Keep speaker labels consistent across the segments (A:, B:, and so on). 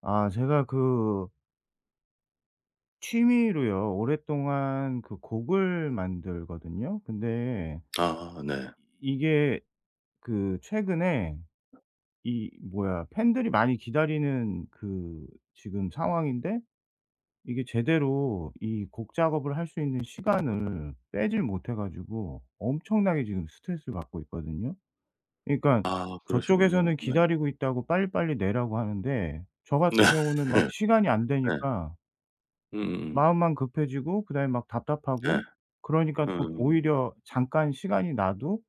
A: 아 제가 그 취미로요 오랫동안 그 곡을 만들거든요. 근데
B: 아 네.
A: 이 이게 그 최근에 이 뭐야. 팬들이 많이 기다리는 그 지금 상황인데 이게 제대로 이 곡 작업을 할 수 있는 시간을 빼지를 못해 가지고 엄청나게 지금 스트레스를 받고 있거든요. 그러니까
B: 아. 그러시군요.
A: 저쪽에서는
B: 네.
A: "기다리고 있다."고 "빨리빨리 내라."고 하는데 저 같은
B: 네.
A: 경우는 막 시간이 안
B: 네.
A: 되니까
B: 으음.
A: 마음만 급해지고 그다음에 막
B: 네.
A: 답답하고 그러니까 또
B: 음.
A: 오히려 잠깐 시간이 나도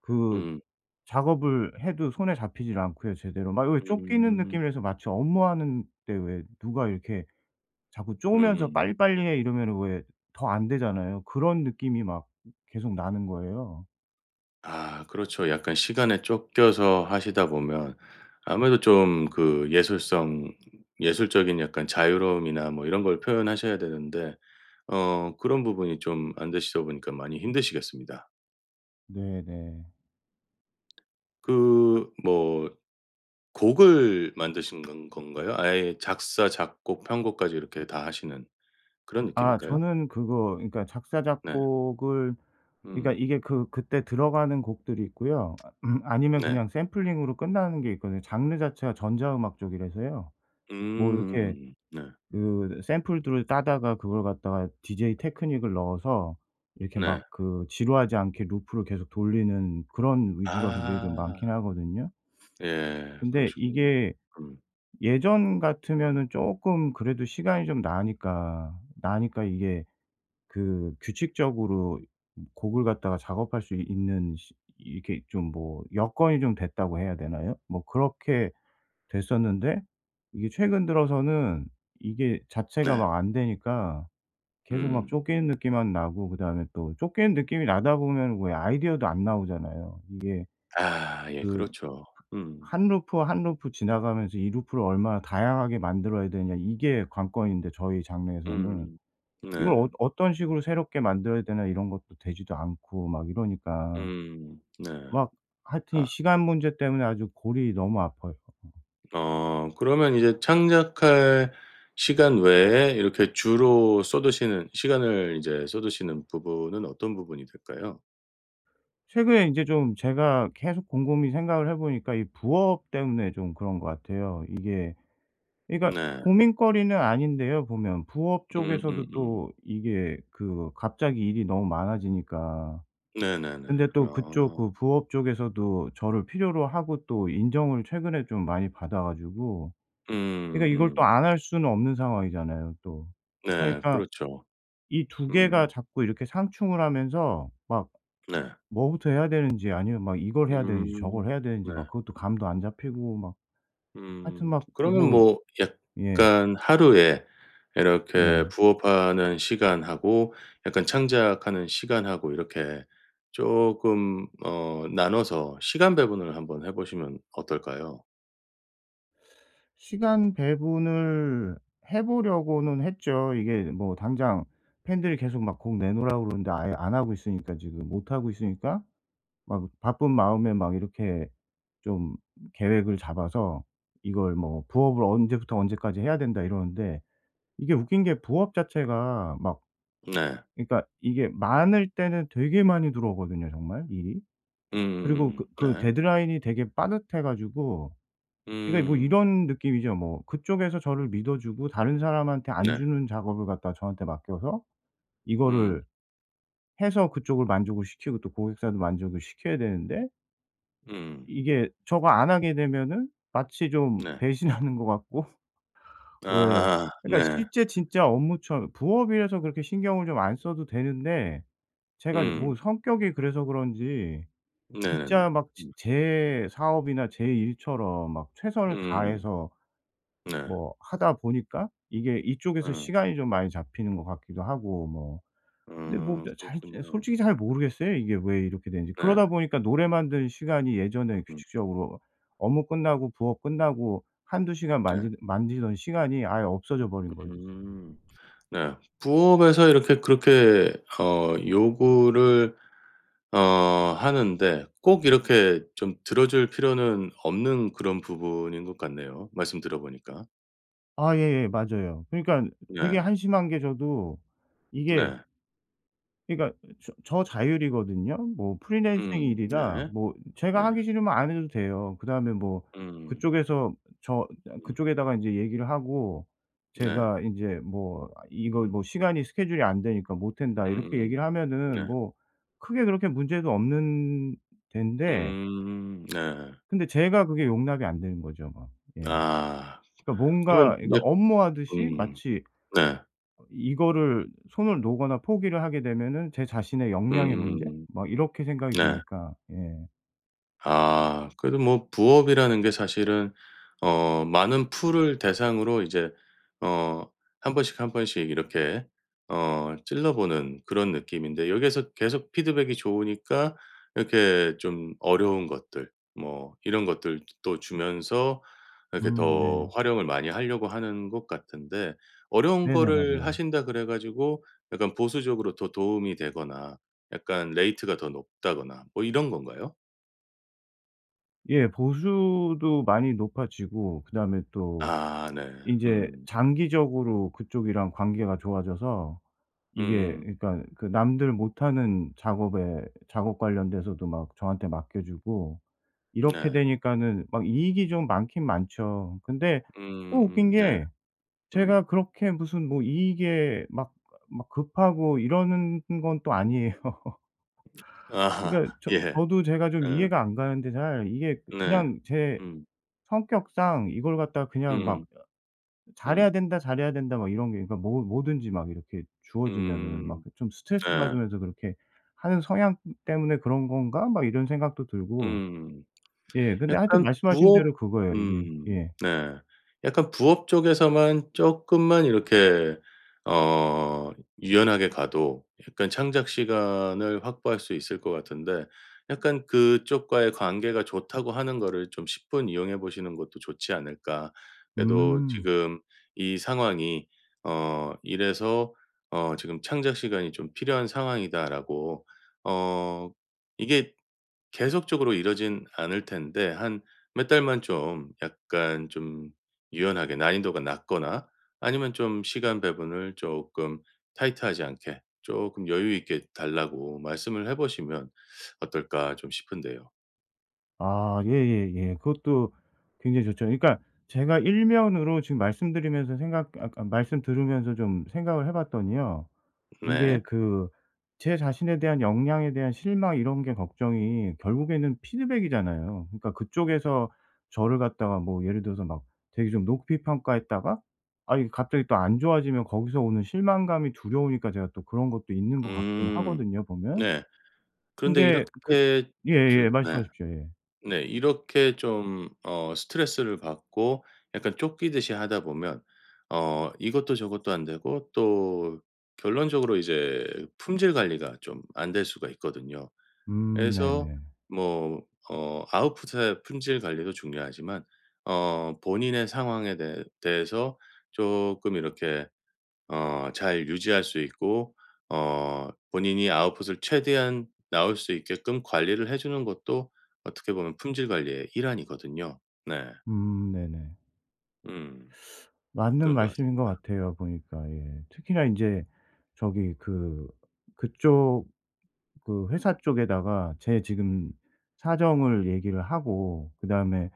A: 그
B: 음.
A: 작업을 해도 손에 잡히질 않고요 제대로. 막 왜 쫓기는
B: 음.
A: 느낌이라서 마치 업무하는데 왜 누가 이렇게 자꾸 쪼면서
B: 음음.
A: "빨리빨리 해." 이러면은 왜 더 안 되잖아요. 그런 느낌이 막 계속 나는 거예요.
B: 아 그렇죠. 약간 시간에 쫓겨서 하시다 보면 아무래도 좀 그 예술성 예술적인 약간 자유로움이나 뭐 이런 걸 표현하셔야 되는데 어 그런 부분이 좀 안 되시다 보니까 많이 힘드시겠습니다.
A: 네네.
B: 그 뭐 곡을 만드시는 건 건가요? 아예 작사, 작곡, 편곡까지 이렇게 다 하시는 그런
A: 아
B: 느낌일까요?
A: 저는 그거 그러니까 작사
B: 네.
A: 작곡을 그러니까
B: 음.
A: 이게 그 그때 들어가는 곡들이 있고요. 아 음 아니면
B: 네.
A: 그냥 샘플링으로 끝나는 게 있거든요. 장르 자체가 전자 음악 쪽이라서요.
B: 음
A: 뭐 이렇게
B: 음음음 네.
A: 그 으 샘플들을 따다가 그걸 갖다가 DJ 테크닉을 넣어서 이렇게 막
B: 네.
A: 그 지루하지 않게 루프를 계속 돌리는 그런 위주가 굉장히 좀
B: 아.
A: 많기는 하거든요.
B: 예
A: 근데
B: 그러시군요.
A: 이게
B: 음.
A: 예전 같으면은 쪼끔 그래도 시간이 좀 나니까, 나니까 이게 그 규칙적으로 이 곡을 갖다가 작업할 수 이 있는 시 이 이렇게 좀 뭐 '여건이 좀 됐다.'고 해야 되나요. 뭐 그렇게 됐었는데 이게 최근 들어서는 이게 자체가
B: 네.
A: 막 안 되니까 계속 막
B: 음.
A: 쫓기는 느낌만 나고 그다음에 또 쫓기는 느낌이 나다 보면 왜 아이디어도 안 나오잖아요. 이게
B: 아, 예,
A: 그
B: 그렇죠. 음.
A: 1 루프 1 루프 지나가면서 이 루프를 얼마나 다양하게 만들어야 되느냐 이게 관건인데 저희 장르에서는.
B: 음
A: 이걸
B: 네.
A: 어 어떤 식으로 새롭게 만들어야 되나 이런 것도 되지도 않고 막 이러니까.
B: 음 네.
A: 막 하여튼 이
B: 아.
A: 시간 문제 때문에 아주 골이 너무 아파요.
B: 어 그러면 이제 창작할 시간 외에 이렇게 주로 쏟으시는 시간을 인제 쏟으시는 부분은 어떤 부분이 될까요?
A: 최근에 인제 좀 제가 계속 곰곰이 생각을 해 보니까 이 부업 때문에 좀 그런 것 같아요. 이게 그러니까
B: 네.
A: 고민거리는 아닌데요 보면. 부업
B: 음 음
A: 쪽에서도
B: 음.
A: 또 이게 그 갑자기 일이 너무 많아지니까.
B: 네네네.
A: 근데 또 그쪽
B: 아.
A: 그 부업 쪽에서도 저를 필요로 하고 또 인정을 최근에 좀 많이 받아 가지고
B: 음
A: 그러니까 이걸 또
B: 음.
A: 안 할 수는 없는 상황이잖아요 또.
B: 네
A: 그러니까
B: 그렇죠.
A: 이 2 개가
B: 음.
A: 자꾸 이렇게 상충을 하면서 막
B: 네.
A: 뭐부터 해야 되는지 아니면 막 이걸 해야 되는지
B: 음
A: 저걸 해야 되는지
B: 네.
A: 막 그것도 감도 안 잡히고 막. 하여튼
B: 음
A: 막
B: 그러면
A: 뭐
B: 뭐
A: 예.
B: 약간 하루에 이렇게
A: 네.
B: 부업 하는 시간하고 약간 창작하는 시간하고 이렇게 쪼금 어 나눠서 시간 배분을 한번 해보시면 어떨까요?
A: 시간 배분을 해 보려고는 했죠. 이게 뭐 당장 팬들이 계속 막 "곡 내놓으라."고 그러는데 아예 안 하고 있으니까 지금 못하고 있으니까 막 바쁜 마음에 막 이렇게 좀 계획을 잡아서 이걸 뭐 부업을 '언제부터 언제까지 해야 된다.' 이러는데 이게 웃긴 게 부업 자체가 막
B: 네.
A: 이 그러니까 이게 많을 때는 되게 많이 들어오거든요 정말 일이. 그리고
B: 음음음음
A: 그 그
B: 네.
A: 데드라인이 되게 빠듯해 가지고 그러니까 뭐
B: 음.
A: 이런 느낌이죠 뭐. 그쪽에서 저를 믿어주고 다른 사람한테 안
B: 네.
A: 주는 작업을 갖다가 저한테 맡겨서
B: 음.
A: 이거를 해서 그쪽을 만족을 시키고 또 고객사도 만족을 시켜야 되는데
B: 음.
A: 이게 저거 안 하게 되면은 마치 좀
B: 네.
A: 배신하는 것 같고 왜
B: 아
A: 그러니까
B: 네.
A: 실제 진짜 업무처 부업이라서 그렇게 신경을 좀 안 써도 되는데 제가
B: 음.
A: 뭐 성격이 그래서 그런지
B: 네네네.
A: 진짜 막 지
B: 음.
A: 제 사업이나 제 일처럼 막 최선을
B: 음.
A: 다해서
B: 네.
A: 뭐 하다 보니까 이게 이쪽에서
B: 음.
A: 시간이 좀 많이 잡히는 것 같기도 하고 뭐. 근데 뭐
B: 음.
A: 저 잘 잘 이
B: 그렇군요.
A: 솔직히 잘 모르겠어요 이게 왜 이렇게 되는지.
B: 네.
A: 그러다 보니까 노래 만드는 시간이
B: 어
A: 예전에
B: 음.
A: 규칙적으로 업무 끝나고 부업 끝나고 1-2 시간
B: 네.
A: 만지는 만지던 시간이 아예 없어져 버린 거죠 지금.
B: 음. 네. 부업에서 이렇게 그렇게 어 요구를 어 하는데 꼭 이렇게 좀 들어 줄 필요는 없는 그런 부분인 것 같네요 말씀 들어 보니까.
A: 아 예예. 맞아요. 그러니깐 되게
B: 네.
A: 한심한 게 저도 이게
B: 네.
A: 그러니까 이 저 저 자율이거든요. 뭐 프리랜서
B: 음.
A: 일이라
B: 네.
A: 뭐 제가
B: 네.
A: 하기 싫으면 안 해도 돼요. 그다음에 뭐
B: 음.
A: 그쪽에서 저 이 그냥
B: 음.
A: 그쪽에다가 인제 얘기를 하고
B: 네.
A: 제가 인제 뭐 아 이거
B: 음.
A: 뭐 "시간이 스케줄이 안 되니까 못한다." 이렇게
B: 음음음.
A: 얘기를 하면은
B: 네.
A: 뭐 크게 그렇게 문제도 없는 덴데
B: 음 네.
A: 근데 제가 그게 용납이 안 되는 거죠 뭐. 예.
B: 아
A: 그러니까
B: 그러면
A: 뭔가 이거
B: 이제
A: 업무 하듯이
B: 음.
A: 마치
B: 네.
A: 어 이거를 손을 놓거나 포기를 하게 되면은 제 자신의 역량의 문제?
B: 음음음.
A: 막 이렇게 생각이
B: 네.
A: 드니까 예.
B: 아 그래도 뭐 부업이라는 게 사실은 어 많은 풀을 대상으로 이제 어 1 번씩 1 번씩 이렇게 어 찔러 보는 그런 느낌인데. 여기에서 계속 피드백이 좋으니까 이렇게 좀 어려운 것들 뭐 이런 것들 뜨 또 주면서 이렇게
A: 음
B: 더
A: 네.
B: 활용을 많이 하려고 하는 것 같은데 어려운
A: 네네.
B: 거를
A: 맞아요.
B: 하신다 그래 가지고 약간 보수적으로 더 도움이 되거나 약간 레이트가 더 높다거나 뭐 이런 건가요?
A: 예 보수도 많이 높아지고 그다음에 또
B: 아 네.
A: 인제
B: 음.
A: 장기적으로 그쪽이랑 관계가 좋아져서 이게
B: 음.
A: 그러니까 그 남들 못하는 작업에 작업 관련돼서도 막 저한테 맡겨 주고 이렇게
B: 네.
A: 되니까는 막 이익이 좀 많긴 많죠. 근데 또
B: 음음
A: 웃긴
B: 네.
A: 게
B: 음.
A: 제가 그렇게 무슨 뭐 이익에 막 아 막 급하고 이러는 건 또 아니에요.
B: 아하.
A: 그러니까 저
B: 예.
A: 저도 제가 좀
B: 응.
A: 이해가 안 가는데 잘. 이게
B: 네.
A: 그냥 제
B: 음.
A: 성격상 이걸 갖다가 그냥 막
B: 음음.
A: '잘해야
B: 음.
A: 된다, 잘해야 된다' 막 이런 게 그러니까 뭐 뭐든지 막 이렇게 주어지면은 막
B: 음.
A: 그 좀 스트레스
B: 네.
A: 받으면서 '그렇게 하는 성향 때문에 그런 건가?' 막 이런 생각도 들고.
B: 음.
A: 예 근데 하여튼
B: 약간
A: 말씀하신
B: 부업
A: 대로 그거예요 이게.
B: 음
A: 예.
B: 네. 약간 부업 쪽에서만 쪼끔만 이렇게 어 유연하게 가도 약간 창작 시간을 확보할 수 있을 것 같은데. 약간 '그쪽과의 관계가 좋다고 하는 거를 좀 십분 이용해 보시는 것도 좋지 않을까?' 그래도
A: 음.
B: 지금 이 상황이 어 이래서 어 "지금 창작 시간이 좀 필요한 상황이다."라고. 어 이게 계속적으로 이러진 않을 텐데, 한 몇 달만 좀 약간 좀 유연하게 난이도가 낮거나 아니면 좀 시간 배분을 조금 타이트하지 않게 조금 '여유 있게 달라고 말씀을 해 보시면 어떨까' 좀 싶은데요.
A: 아, 예예예. 그것도 굉장히 좋죠. 그러니까 제가 일 면으로 지금 말씀드리면서 생각 아 그러니까 말씀 들으면서 좀 생각을 해 봤더니요. 이게
B: 네.
A: 그 제 자신에 대한 역량에 대한 실망 이런 게 걱정이 결국에는 피드백이잖아요. 그러니까 그쪽에서 저를 갖다가 뭐 예를 들어서 막 되게 좀 높이 평가했다가 아이 갑자기 또 안 좋아지면 거기서 오는 실망감이 두려우니까 제가 또 그런 것도 있는 거 같긴
B: 음.
A: 하거든요, 보면.
B: 네. 그런데
A: 근데 그
B: 이렇게 좀
A: 예예,
B: 네.
A: 말씀하십시오, 예.
B: 네, 이렇게 좀 어 스트레스를 받고 약간 쫓기듯이 하다 보면 어 이것도 저것도 안되고 또 결론적으로 이제 품질 관리가 좀 안 될 수가 있거든요.
A: 음
B: 그래서
A: 네네.
B: 뭐 어 아웃풋의 품질 관리도 중요하지만 어 본인의 상황에 대해 대해서 조금 이렇게 어 잘 유지할 수 있고 어 본인이 아웃풋을 최대한 나올 수 있게끔 관리를 해주는 것도 어떻게 보면 품질 관리의 일환이거든요, 네.
A: 음 네네.
B: 음.
A: 맞는
B: 그런 것
A: 말씀인 것
B: 같습니다.
A: 같아요, 보니까. 예. 특히나 인제 저기 그 그쪽 그 회사 쪽에다가 제 지금 사정을 얘기를 하고 그다음에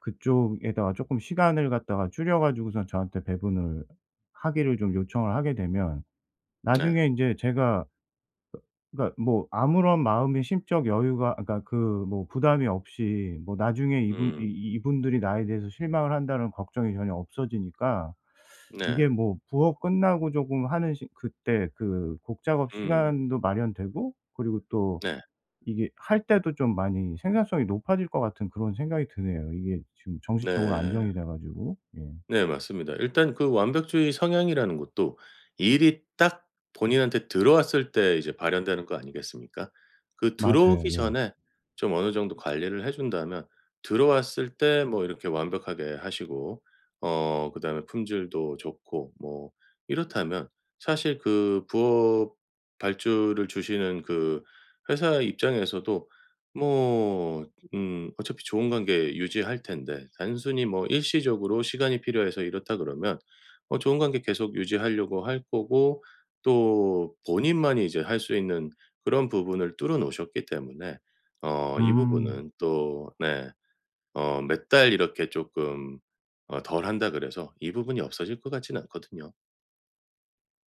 A: 그쪽에다가 조금 시간을 갖다가 줄여 가지고선 저한테 배분을 하기를 좀 요청을 하게 되면
B: 네.
A: 나중에 인제 제가 그 그러니까 뭐 아무런 마음의 심적 여유가 아 그러니까 그 뭐 부담이 없이 뭐 나중에 이분 이
B: 음.
A: 이 '이분들이 나에 대해서 실망을 한다.'는 걱정이 전혀 없어지니까
B: 네.
A: 이게 뭐 부업 끝나고 조금 하는 시 그때 그 곡 작업
B: 음.
A: 시간도 마련되고 그리고 또
B: 네.
A: 이게 할 때도 좀 많이 생산성이 높아질 것 같은 그런 생각이 드네요, 이게 지금 정신적으로
B: 네.
A: 안정이 돼 가지고. 예.
B: 네, 맞습니다. 일단 그 완벽주의 성향이라는 것도 일이 딱 본인한테 들어왔을 때 이제 발현되는 거 아니겠습니까? 그
A: 맞아요,
B: 들어오기
A: 예.
B: 전에 좀 어느 정도 관리를 해 준다면 들어왔을 때 뭐 이렇게 완벽하게 하시고, 어 그다음에 품질도 좋고 뭐 이렇다면 사실 그 부업 발주를 주시는 그 회사 입장에서도 뭐, 음 어차피 좋은 관계 유지할 텐데. 단순히 뭐 일시적으로 시간이 필요해서 이렇다 그러면 어 좋은 관계 계속 유지하려고 할 거고 또 본인만이 이제 할 수 있는 그런 부분을 뚫어 놓으셨기 때문에 어 이
A: 음.
B: 부분은 또 네. 어 몇 달 이렇게 조금 어 덜 한다 그래서 이 부분이 없어질 것 같진 않거든요.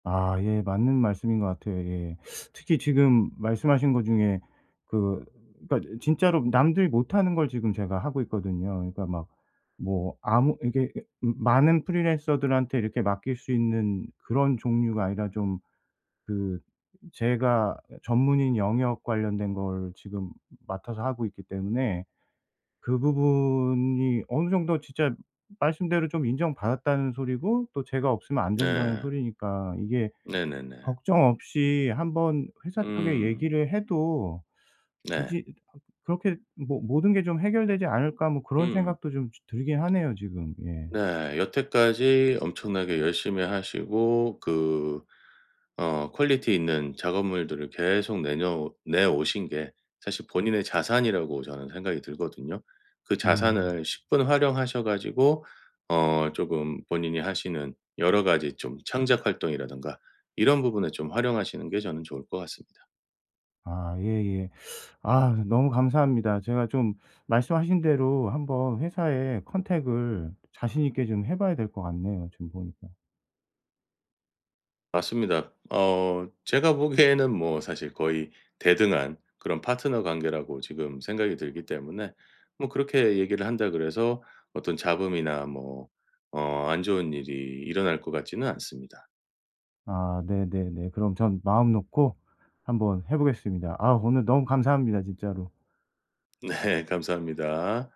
A: 아 예 맞는 말씀인 것 같아요. 예. 특히 지금 말씀하신 것 중에 그 그러니까 진짜로 남들이 못하는 걸 지금 제가 하고 있거든요. 그러니까 막 뭐 아무 이게 이게 많은 프리랜서들한테 이렇게 맡길 수 있는 그런 종류가 아니라 좀 그 제가 전문인 영역 관련된 걸 지금 맡아서 하고 있기 때문에 그 부분이 어느 정도 진짜 말씀대로 좀 '인정받았다.'는 소리고 또 '제가 없으면 안 된다.'는
B: 네.
A: 소리니까 이게
B: 네네네.
A: 걱정 없이 한번 회사 쪽에
B: 음.
A: 얘기를 해도
B: 네.
A: 되지 '그렇게 모 모든 게 좀 해결되지 않을까.' 뭐 그런
B: 음.
A: 생각도 좀 지 들긴 하네요 지금. 예.
B: 네 여태까지 엄청나게 열심히 하시고 그 어 퀄리티 있는 작업물들을 계속 내녀 내 오신 게 사실 본인의 자산이라고 저는 생각이 들거든요. 그
A: 음.
B: 자산을 십분 활용하셔 가지고 어 쪼금 본인이 하시는 여러 가지 좀 창작 활동이라든가 이런 부분을 좀 활용하시는 게 저는 좋을 것 같습니다.
A: 아 예예. 아 너무 감사합니다. 제가 좀 말씀하신 대로 한번 회사에 컨택을 자신 있게 좀 해 봐야 될 것 같네요 지금 보니까.
B: 맞습니다. 어 제가 보기에는 뭐 사실 거의 대등한 그런 파트너 관계라고 지금 생각이 들기 때문에 뭐 그렇게 얘기를 한다 그래서 어떤 잡음이나 뭐 어 안 좋은 일이 일어날 것 같지는 않습니다.
A: 아 네네네. 그럼 전 마음 놓고 한번 해 보겠습니다. 아 오늘 너무 감사합니다 진짜로.
B: 네 감사합니다.